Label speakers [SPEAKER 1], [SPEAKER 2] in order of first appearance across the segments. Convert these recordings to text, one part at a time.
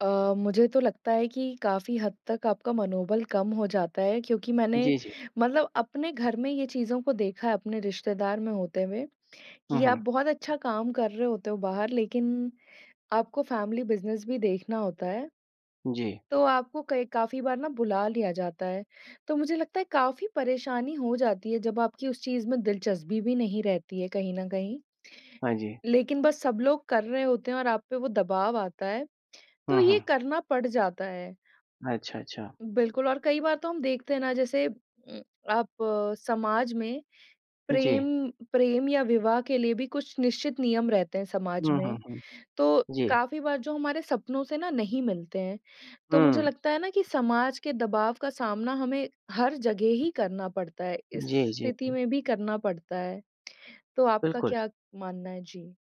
[SPEAKER 1] अ, मुझे तो लगता है कि काफ़ी हद तक आपका मनोबल कम हो जाता है, क्योंकि मैंने
[SPEAKER 2] जी, जी।
[SPEAKER 1] मतलब अपने घर में ये चीज़ों को देखा है अपने रिश्तेदार में होते हुए,
[SPEAKER 2] हुँ,
[SPEAKER 1] कि आप
[SPEAKER 2] हुँ।
[SPEAKER 1] बहुत अच्छा काम कर रहे होते हो बाहर, लेकिन आपको फ़ैमिली बिजनेस भी देखना होता है
[SPEAKER 2] जी।
[SPEAKER 1] तो आपको कई काफ़ी बार ना बुला लिया जाता है। तो मुझे लगता है काफ़ी परेशानी हो जाती है जब आपकी उस चीज़ में दिलचस्पी भी नहीं रहती है कहीं न कहीं।
[SPEAKER 2] हाँ जी।
[SPEAKER 1] लेकिन बस सब लोग कर रहे होते हैं और आप पे वो दबाव आता है, तो
[SPEAKER 2] हुँ,
[SPEAKER 1] ये
[SPEAKER 2] हुँ।
[SPEAKER 1] करना पड़ जाता है।
[SPEAKER 2] अच्छा, अच्छा।
[SPEAKER 1] बिल्कुल और कई बार तो हम देखते हैं ना जैसे उम, आप समाज में प्रेम
[SPEAKER 2] जी।
[SPEAKER 1] प्रेम या विवाह के लिए भी कुछ निश्चित नियम रहते हैं समाज
[SPEAKER 2] हुँ, हुँ,
[SPEAKER 1] में।
[SPEAKER 2] हुँ।
[SPEAKER 1] तो
[SPEAKER 2] जी।
[SPEAKER 1] काफ़ी बार जो हमारे सपनों से ना नहीं मिलते हैं, तो मुझे
[SPEAKER 2] हुँ।
[SPEAKER 1] लगता है ना कि समाज के दबाव का सामना हमें हर जगह ही करना पड़ता है, इस
[SPEAKER 2] जी, जी।
[SPEAKER 1] स्थिति में भी करना पड़ता है। तो आपका
[SPEAKER 2] बिल्कुल।
[SPEAKER 1] क्या क मानना है? जी।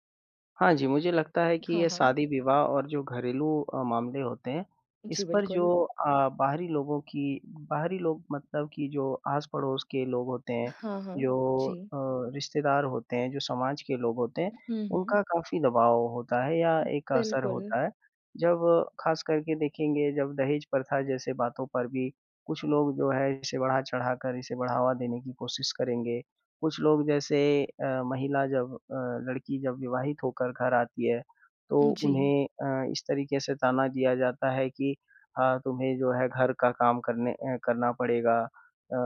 [SPEAKER 2] हाँ जी, मुझे लगता है कि
[SPEAKER 1] हाँ,
[SPEAKER 2] ये
[SPEAKER 1] हाँ।
[SPEAKER 2] शादी-विवाह और जो घरेलू अ, मामले होते हैं, इस
[SPEAKER 1] जी,
[SPEAKER 2] पर जो
[SPEAKER 1] बिल्कुल।
[SPEAKER 2] अ, बाहरी लोगों की बाहरी लोग मतलब कि जो आस-पड़ोस के लोग होते हैं,
[SPEAKER 1] हाँ, हाँ।
[SPEAKER 2] जो
[SPEAKER 1] जी।
[SPEAKER 2] अ, रिश्तेदार होते हैं, जो समाज के लोग होते हैं,
[SPEAKER 1] हुँ, हुँ।
[SPEAKER 2] उनका काफ़ी दबाव होता है या एक असर
[SPEAKER 1] बिल्कुल।
[SPEAKER 2] होता है। जब खास करके देखेंगे जब दहेज प्रथा जैसे बातों पर भी कुछ लोग जो हैं इसे बढ़ा-चढ़ाकर इसे बढ़ावा देने की कोशिश करेंगे। कुछ लोग जैसे अ, महिला जब अ, लड़की जब विवाहित होकर घर आती है, तो
[SPEAKER 1] उम, जी।
[SPEAKER 2] उन्हें अ, इस तरीके से ताना दिया जाता है कि अ, तुम्हें जो है घर का काम करने अ, करना पड़ेगा अ,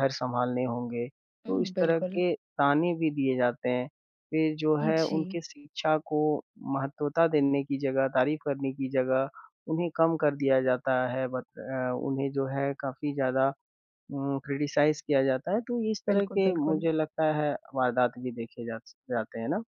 [SPEAKER 2] घर सँभालने होंगे, तो
[SPEAKER 1] उम,
[SPEAKER 2] इस तरह
[SPEAKER 1] बिल्कुल।
[SPEAKER 2] के ताने भी दिए जाते हैं। फिर जो है
[SPEAKER 1] जी।
[SPEAKER 2] उनके शिक्षा को महत्वता देने की जगह, तारीफ करने की जगह, उन्हें कम कर दिया जाता है, बत अ, उन्हें जो है काफ़ी ज़्यादा उम, क्रिटिसाइज़ किया जाता है, तो इस तरह
[SPEAKER 1] बिल्कुल,
[SPEAKER 2] के
[SPEAKER 1] बिल्कुल।
[SPEAKER 2] मुझे लगता है वारदात भी देखे जा स जाते हैं ना?